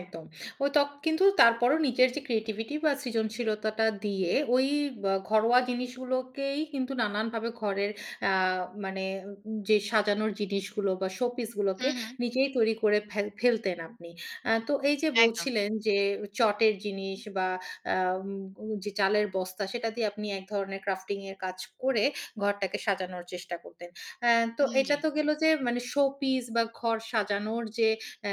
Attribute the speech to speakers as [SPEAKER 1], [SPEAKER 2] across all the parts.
[SPEAKER 1] একদম। ঐত, কিন্তু তারপরও নিজের যে ক্রিয়েটিভিটি বা সৃজনশীলতাটা দিয়ে ওই ব ঘরোয়া জিনিসগুলোকেই কিন্তু নানানভাবে ঘরের আ মানে যে সাজানোর যে ডিসগুলো বা শোপিস গুলোকে
[SPEAKER 2] হুম, হুম।
[SPEAKER 1] নিজেই তৈরি করে ফেল ফেলতেন আপনি। আ তো এই যে
[SPEAKER 2] একদম।
[SPEAKER 1] বলছিলেন যে চটের জিনিস বা আব যে চালের বস্তা সেটা দিয়ে আপনি এক ধরনের crafting এর কাজ করে ঘরটাকে সাজানোর চেষ্টা করতেন। আ তো
[SPEAKER 2] হুম,
[SPEAKER 1] এটা
[SPEAKER 2] জ্বি।
[SPEAKER 1] তো গেলো যে মানে শো-পিস বা ঘর সাজানোর যে আ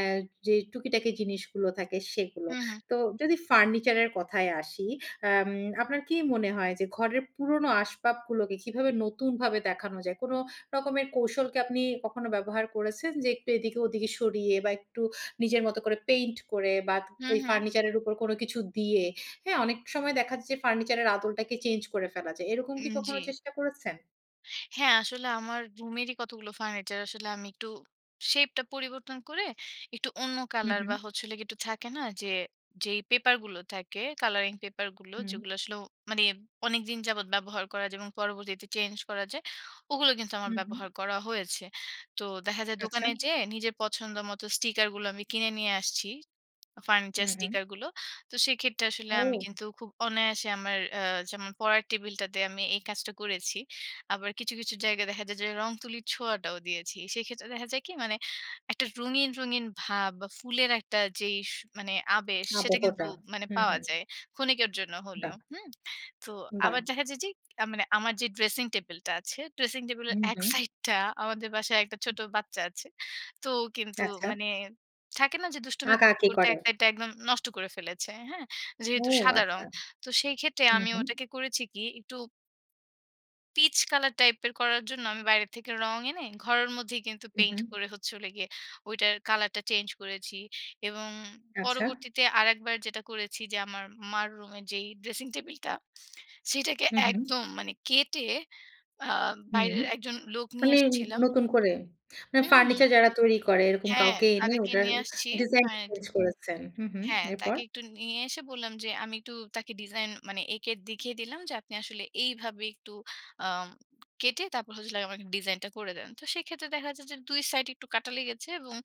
[SPEAKER 1] যে টুকিটাকি জিনিসগুলো থাকে সেগুলো।
[SPEAKER 2] হুম, হুম।
[SPEAKER 1] তো যদি ফার্নিচারের কথায় আসি, আম আপনার কি মনে হয় যে ঘরের পুরনো আসবাবগুলোকে কিভাবে নতুনভাবে দেখানো যায়? কোন রকমের কৌশল কি আপনি কখনো ব্যবহার করেছেন যে একটু এদিকে ওদিকে সরিয়ে বা একটু নিজের মত করে পেইন্ট করে বা
[SPEAKER 2] হুম,
[SPEAKER 1] এই
[SPEAKER 2] হুম।
[SPEAKER 1] ফার্নিচার এর উপর কোন কিছু দিয়ে, হ্যাঁ? অনেক সময় দেখা যায় যে ফার্নিচারের আদলটাকে চেঞ্জ করে ফেলা যায় এরকম কি
[SPEAKER 2] উম
[SPEAKER 1] কখনো
[SPEAKER 2] জ্বি।
[SPEAKER 1] চেষ্টা করেছেন?
[SPEAKER 2] হ্যা, আসলে আমার রুমেরই কতগুলো ফার্নিচার আসলে আমি একটু শেপ টা পরিবর্তন করে একটু অন্য
[SPEAKER 1] হুম,
[SPEAKER 2] কালার
[SPEAKER 1] হুম।
[SPEAKER 2] বা হচ্ছে হল গিয়ে একটু থাকে না? যে, যেই পেপার গুলো থাকে, কালারিং পেপার গুলো,
[SPEAKER 1] হুম।
[SPEAKER 2] যেগুলো আসলে মানে অনেকদিন যাবৎ ব্যবহার করা যায় এবং পরবর্তীতে চেঞ্জ করা যায় ওগুলো কিন্তু আমার
[SPEAKER 1] হুম, হুম।
[SPEAKER 2] ব্যবহার করা হয়েছে। তো দেখা যায়
[SPEAKER 1] আচ্ছা।
[SPEAKER 2] দোকানে যেয়ে নিজের পছন্দ মতো স্টিকারগুলো আমি কিনে নিয়ে আসছি, ফার্নিচার
[SPEAKER 1] হুম, হুম।
[SPEAKER 2] স্টিকার গুলো। তো সেক্ষেত্রে আসলে আমি
[SPEAKER 1] ও!
[SPEAKER 2] কিন্তু খুব অনায়াসে আমার আ যেমন পড়ার টেবিলটাতে আমি এই কাজটা করেছি। আবার কিছু, কিছু জায়গায় দেখা যায় যে রংতুলির ছোঁয়াটাও দিয়েছি। সেক্ষেত্রে দেখা যায় কি মানে একটা রঙিন, রঙিন ভাব বা ফুলের একটা যেই স আবেশ সেটা কিন্তু
[SPEAKER 1] আবকটা,
[SPEAKER 2] মানে
[SPEAKER 1] হুম,
[SPEAKER 2] পাওয়া
[SPEAKER 1] হুম।
[SPEAKER 2] যায়, ক্ষণিকের জন্য হলেও,
[SPEAKER 1] বাহ!
[SPEAKER 2] হুম? তো আবার
[SPEAKER 1] বাহ!
[SPEAKER 2] দেখা যায় যে আ মানে আমার যে ড্রেসিং টেবল টা আছে, ড্রেসিং টেবিল এর
[SPEAKER 1] উম
[SPEAKER 2] এক
[SPEAKER 1] হুম।
[SPEAKER 2] সাইডটা আমাদের বাসায় একটা ছোট বাচ্চা আছে। তো ও কিন্তু
[SPEAKER 1] আচ্ছা।
[SPEAKER 2] মানে থাকে না যে দুষ্টুমি করতে,
[SPEAKER 1] আঁকাআঁকি
[SPEAKER 2] করতে এক
[SPEAKER 1] করেন।
[SPEAKER 2] সাইডটা একদম নষ্ট করে ফেলেছে, হ্যা?
[SPEAKER 1] ও
[SPEAKER 2] যেহেতু সাদা রং।
[SPEAKER 1] আচ্ছা।
[SPEAKER 2] তো সেই ক্ষেত্রে
[SPEAKER 1] হুম,
[SPEAKER 2] আমি
[SPEAKER 1] হুম।
[SPEAKER 2] ওটাকে করেছি কি একটু পিচ কালার টাইপের করার জন্য আমি বাইরে থেকে রং এনে ঘরের মধ্যেই কিন্তু
[SPEAKER 1] হুম,
[SPEAKER 2] পেইন্ট
[SPEAKER 1] হুম।
[SPEAKER 2] করে হচ্ছে হল গিয়ে ওইটার কালারটা চেঞ্জ করেছি এবং
[SPEAKER 1] আচ্ছা।
[SPEAKER 2] পরবর্তীতে আরেকবার যেটা করেছি যে আমার মার রুমে যেই ড্রেসিং টেবলটা সেটাকে
[SPEAKER 1] হুম, হুম।
[SPEAKER 2] একদম মানে কেটে আ
[SPEAKER 1] হুম,
[SPEAKER 2] বাইরের একজন লোক নিয়ে
[SPEAKER 1] মানে
[SPEAKER 2] এসছিলাম।
[SPEAKER 1] নতুন করে। না মানে
[SPEAKER 2] হুম, হু।
[SPEAKER 1] ফার্নিচার যারা তৈরি করে এরকম
[SPEAKER 2] হ্যা,
[SPEAKER 1] কাউকে এনে
[SPEAKER 2] তাদেরকে
[SPEAKER 1] ওটার
[SPEAKER 2] নিয়ে আসছি।
[SPEAKER 1] ডিজাইন টা
[SPEAKER 2] ফার্নি
[SPEAKER 1] চেঞ্জ করেছেন। হুম, হুম,
[SPEAKER 2] হ্যা,
[SPEAKER 1] এরপর?
[SPEAKER 2] তাকে একটু নিয়ে এসে বললাম যে "আমি একটু তাকে ডিজাইন মানে এঁকে দেখিয়ে দিলাম যে আপনি আসলে এইভাবে একটু আম কেটে তারপর হচ্ছে হল আমাকে ডিজাইনটা করে দেন।" তো সেক্ষেত্রে দেখা যায় যে ২ সাইড একটু কাটা লেগেছে এবং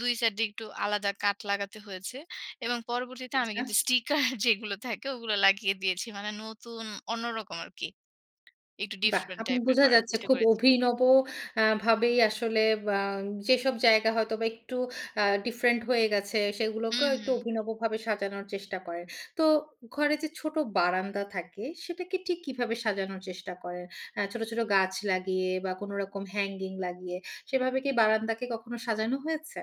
[SPEAKER 2] ২ সাইড দিয়ে একটু আলাদা কাঠ লাগাতে হয়েছে এবং পরবর্তীতে আমি
[SPEAKER 1] আচ্ছা।
[SPEAKER 2] কিন্তু স্টিকার যেগুলো থাকে ওগুলো লাগিয়ে দিয়েছি মানে নতুন অন্যরকম আরকি। একটু
[SPEAKER 1] বাহ!
[SPEAKER 2] ডিফরেন্ট
[SPEAKER 1] আপনি
[SPEAKER 2] টাইপের
[SPEAKER 1] বুঝা
[SPEAKER 2] করার
[SPEAKER 1] যাচ্ছে
[SPEAKER 2] চেষ্টা
[SPEAKER 1] খুব
[SPEAKER 2] করেছি।
[SPEAKER 1] অভিনব আ ভাবেই আসলে বা যেসব জায়গা হয়তোবা একটু আ ডিফরেন্ট হয়ে গেছে
[SPEAKER 2] হুম,
[SPEAKER 1] সেগুলোকেও একটু
[SPEAKER 2] হুম।
[SPEAKER 1] অভিনবভাবে সাজানোর চেষ্টা করেন। তো ঘরে যে ছোট বারান্দা থাকে সেটাকে ঠিক কীভাবে সাজানোর চেষ্টা করেন? আ ছোট, ছোট গাছ লাগিয়ে বা কোনরকম হ্যাঙ্গিং লাগিয়ে সেভাবে কি বারান্দাকে কখনো সাজানো হয়েছে?